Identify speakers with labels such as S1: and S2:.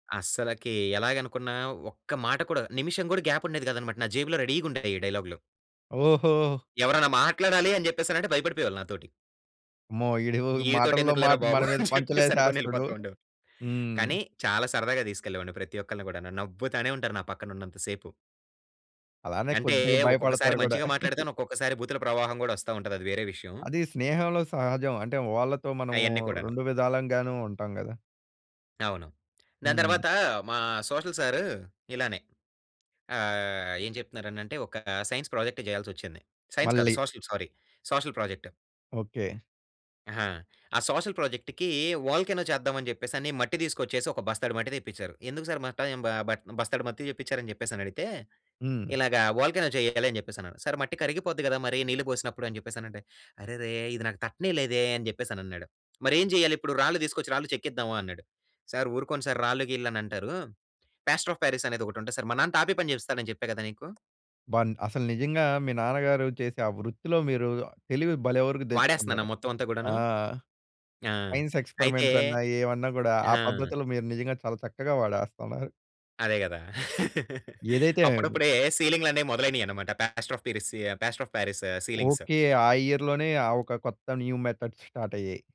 S1: అస్సలకి ఎలాగనుకున్న ఒక్క మాట కూడా నిమిషం గూడా గ్యాప్ ఉండేది గాదనమాట నా జేబులో రెడీగుండేయి ఈ డైలాగ్లు.
S2: ఓహో!
S1: ఎవరన్నా మాట్లాడాలి అని జెప్పేసినంటే భయపడిపోయేవాళ్ళు నాతోటి.
S2: అమ్మో! ఈడు మాటల్లో
S1: ఈడితోటెందుకులేరా
S2: మాట
S1: బాబు!
S2: మన మీద
S1: అని చెప్పేసి
S2: పంచలేసేస్తాడు.
S1: అనుకోనెళ్ళిపోతుండేవాళ్ళు.
S2: హ్మ్.
S1: కానీ చాలా సరదాగా దీసుకెళ్ళేవాడిని ప్రతి ఒక్కళ్ళని గూడాను. నవ్వుతానే ఉంటారు నా పక్కనుంన్నంత సేపు.
S2: అలానే
S1: అంటే
S2: కొద్దిగ
S1: ఒక్కొక్కసారి
S2: భయపడతారు గూడా.
S1: మంచిగా మాట్లాడితాను. ఒక్కొక్కసారి భూతుల ప్రవాహం గూడా ఒస్తా ఉంటది అది వేరే విషయం.
S2: అది స్నేహంలో సహజం. అంటే వాళ్ళతో మనము
S1: అయన్నీ కూడాను.
S2: 2 విధాలంగానూ ఉంటాం గదా!
S1: అవును. దాని
S2: హ్మ్.
S1: తర్వాత మా సోషల్ సారు ఇలానే ఆహ్, ఏం జెప్తున్నారనంటే ఒక సైన్స్ ప్రాజెక్ట్ జేయాల్సొచ్చింది. సైన్స్ కాదు
S2: మళ్ళీ
S1: social sorry social project.
S2: Okay.
S1: ఆహా! ఆ సోషల్ ప్రాజెక్ట్‌కి వోల్కానో చేద్దావని జెప్పేసని మట్టి దీసుకొచ్చేసి ఒక బస్తాడు మట్టి దెప్పించారు. ఎందుకు సారు బట్టా యం బ బట్ బస్తాడు మట్టి చెప్పిచ్చారని జెప్పేసని అడిగితే,
S2: హ్మ్.
S1: "ఇలాగా వోల్కానో జెయ్యాలి" అని జెప్పేసన్నాడు. సారు మట్టి కరిగిపోద్ది గదా! మరి నీళ్లు పోసినప్పుడు అని జెప్పేసనంటే "అరెరే! ఇది నాకు తట్టనే లేదే!" అని జెప్పేసనన్నాడు. మరేం జెయ్యాలిప్పుడు? రాళ్ళు తీసుకొచ్చి రాళ్ళు చెక్కిద్దామా అన్నాడు? సారు ఊరుకోండి సారు రాళ్ళు గీల్లు అనంటారు. పాస్టర్ అఫ్ పారిస్ అనేదొకటుంటది సారు మా నాన్న టాపి పని జేపిస్తాడని చెప్పా కదా! నీకు.
S2: అబ్బా! అసలు నిజంగా మీ నాన్నగారు చేసే ఆ వృత్తిలో మీరు తెలివి భలే వరకు
S1: వాడేస్తున్నానా
S2: దెచ్చుకున్నారండి.
S1: మొత్తం అంతా గూడాను?
S2: ఆ!
S1: ఆ!
S2: సైన్స్
S1: అయితే
S2: ఎక్స్‌పెరిమెంట్స్ అన్నా ఏమన్నా గూడా ఆ
S1: ఆ!
S2: పద్ధతులు మీరు నిజంగా చాలా చక్కగా వాడేస్తున్నారు.
S1: అదే గదా!
S2: ఏదైతేనేమి.
S1: అప్పుడప్పుడే సీలింగులనేయి మొదలైనాయన్నమాట. Plaster of Paris plaster of Paris ceilings.
S2: Okay. ఆ ఇయర్‌లోనే ఆ ఒక కొత్త న్యూ మెథడ్స్ స్టార్ట్ అయ్యాయి.